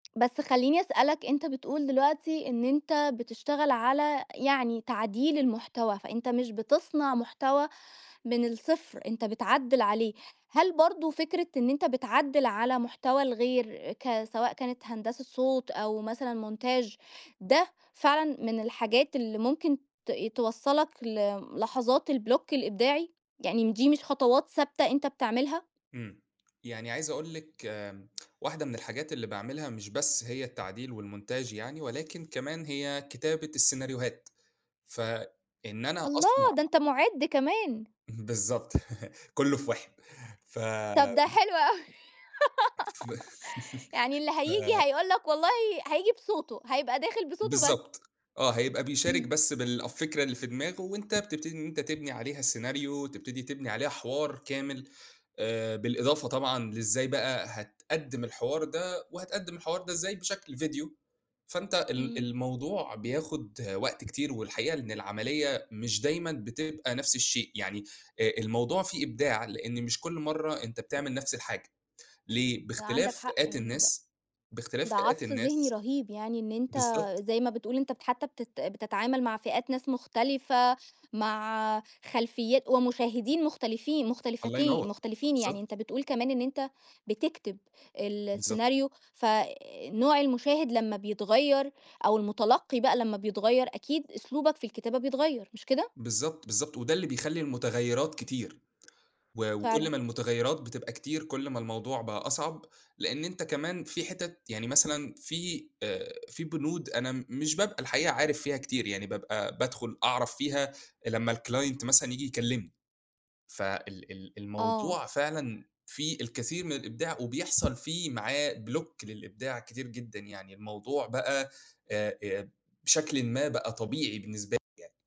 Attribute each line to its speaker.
Speaker 1: بس خلّيني أسألك أنت بتقول دلوقتي إن أنت بتشتغل على يعني تعديل المحتوى، فأنت مش بتصنع محتوى من الصفر أنت بتعدّل عليه، هل برضه فكرة إن أنت بتعدّل على محتوى الغير ك سواء كانت هندسة صوت، أو مثلًا montage، ده فعلًا من الحاجات اللي ممكن ت توصّلك ل لحظات الblock الإبداعي، يعني دي مش خطوات ثابتة أنت بتعملها؟
Speaker 2: إمم، يعني عايز أقول لِك آآ واحدة من الحاجات اللي باعملها مش بس هي التعديل والmontage يعني، ولكن كمان هي كتابة السيناريوهات، فإن أنا
Speaker 1: الله!
Speaker 2: أصنع
Speaker 1: ده أنت مُعد كمان.
Speaker 2: بالضبط، كلّه في واحد ف
Speaker 1: طَب ده حلو أوي
Speaker 2: ف
Speaker 1: يعني اللي
Speaker 2: ف
Speaker 1: هييجي هيقول لك والله هييجي بصوته، هيبقى داخل بصوته بس.
Speaker 2: بالضبط آه، هيبقى بيشارك
Speaker 1: إمم.
Speaker 2: بس بالفكرة اللي في دماغه وأنت بتبتدي إن أنت تبني عليها السيناريو تبتدي تبني عليها حوار كامل، آآ بالإضافة طبعًا لإزاي بقى هتقدّم الحوار ده وهتقدّم الحوار ده إزاي بشكل فيديو. فأنت ال
Speaker 1: إمم.
Speaker 2: الموضوع بياخد وقت كتير والحقيقة إن العمليّة مش دايمًا بتبقى نفس الشيء، يعني آآ الموضوع فيه إبداع لإن مش كل مرّة أنت بتعمل نفس الحاجة، ليه؟ باختلاف
Speaker 1: عندك حق
Speaker 2: فئات
Speaker 1: يعني د
Speaker 2: الناس، باختلاف
Speaker 1: ده
Speaker 2: فئات
Speaker 1: عصف ذهني
Speaker 2: الناس
Speaker 1: رهيب يعني إن أنت
Speaker 2: بالضبط.
Speaker 1: زي ما بتقول أنت حتّى بتت بتتعامل مع فئات ناس مختلفة، مع خلفيات ومشاهدين مختلفين
Speaker 2: الله
Speaker 1: مختلفتين
Speaker 2: ينور!
Speaker 1: مختلفين، يعني
Speaker 2: بالضبط.
Speaker 1: أنت بتقول كمان إن أنت بتكتب
Speaker 2: بالضبط.
Speaker 1: السيناريو ف آآ نوع المشاهد لمّا بيتغيّر، أو المتلقي بقى لمّا بيتغيّر، أكيد أسلوبك في الكتابة بيتغيّر مش كده؟
Speaker 2: بالضبط، بالضبط وده اللي بيخلّي المتغيّرات كتير، و وكل
Speaker 1: فعلًا.
Speaker 2: ما المتغيّرات بتبقى كتير كل ما الموضوع بقى أصعب، لأن أنت كمان في حتت يعني مثلًا في آآ في بنود أنا م مش بابقى الحقيقة عارف فيها كتير يعني بابقى بادخل أعرف فيها لمّا الclient مثلًا ييجي يكلمني. ف ال ال
Speaker 1: آه.
Speaker 2: الموضوع فعلًا فيه الكثير من الإبداع وبيحصل فيه معاه block للإبداع كتير جدًا، يعني الموضوع بقى آآ، آآ، بشكلٍ ما بقى طبيعي بالنسبة لي يعني.